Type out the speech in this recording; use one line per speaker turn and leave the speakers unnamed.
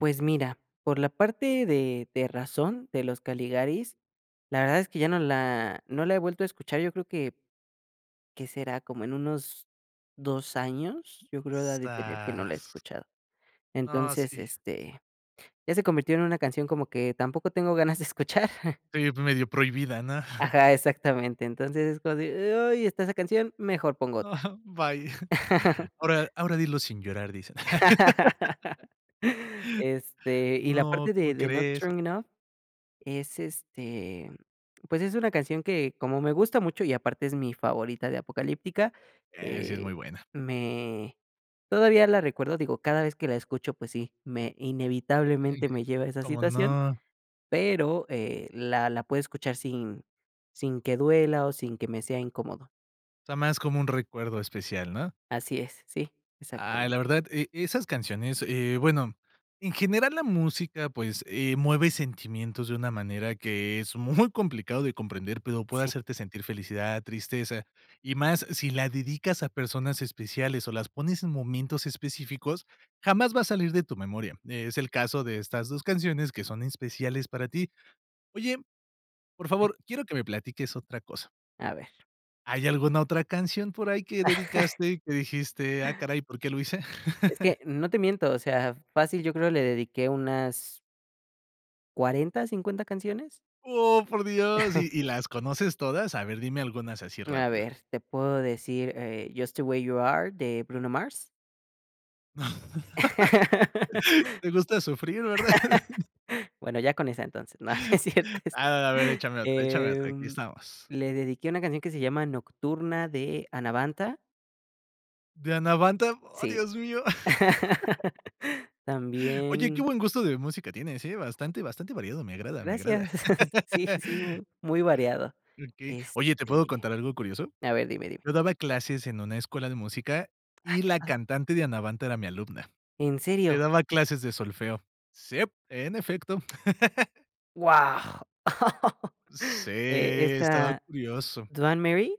Pues mira, por la parte de de razón, de Los Caligaris, la verdad es que ya no la no la he vuelto a escuchar, yo creo que, ¿qué será?, como en unos 2 años, yo creo ha de tener que no la he
Zaz.
escuchado.
No,
Entonces,
sí.
este, ya se convirtió en una canción como que tampoco tengo ganas de escuchar.
Tu, ya p medio prohibida, ¿no?
Ajá, exactamente. Entonces es cuando di e oye está esa canción, mejor pongo
No.
otra.
Bye. Ahora ahora dilo sin llorar, dice.
Este, y la
No,
parte de
¿cómo
de Not
crees?
Strong Enough, es este, mm, pues, es una canción que como me gusta mucho y aparte es mi favorita de Apocalyptica,
Eh, sí, es
eh,
muy buena.
me todavía la recuerdo, digo, cada vez que la escucho, pues sí, me
Ey.
inevitablemente me lleva a esa
¿Cómo
situación,
no?
pero, eh, la la puedo escuchar sin sin que duela o sin que me sea incómodo.
O sea, más como un recuerdo especial, ¿no?
Así es. Sí.
Ay, la
Exactamente.
verdad, e esas canciones, eh, bueno, en general, la música, pues, eh, mueve sentimientos de una manera que es muy complicado de comprender, pero puede
Sí.
hacerte sentir felicidad, tristeza, y más si la dedicas a personas especiales o las pones en momentos específicos, jamás va a salir de tu memoria. Eh, es el caso de estas 2 canciones que son especiales para ti. Oye, por favor, quiero que me platiques otra cosa.
A ver.
¿Hay alguna otra canción por ahí que dedicaste y que dijiste: "Ah, caray, por qué lo hice"?
Es que no te miento. O sea, fácil yo creo le dediqué unas ¿40, 50 canciones?
¡Oh, por Dios! ¿Y y las conoces todas? A ver, dime algunas así
A
rápido.
ver, te puedo decir, eh, Just The Way You Are de Bruno Mars.
Te gusta sufrir, ¿verdad?
Bueno, ya con esa entonces, no es cierto es
A a a ver, échame otra, échame otra, aquí
em,
estamos.
le dediqué una canción que se llama Nocturna de Anabantha.
De Anabantha, ¡Oh,
Sí.
Dios mío! Oye, qué
También
buen gusto de música tienes, ¿eh? Bastante, bastante variado, me agrada, me agrada.
Gracias. Sí, sí, mu muy variado.
Okey. Oye, ¿te puedo
Este
contar algo curioso?
a ver dime, dime.
Yo daba clases en una escuela de música
Ay,
y
qué
la
padre.
cantante de Anabantha era mi alumna.
¿En
Le
serio?
daba clases de solfeo. Sip, en efecto.
¡Guau!
Sí,
Eh,
estaba
esta
curioso.
¿Duan Marie?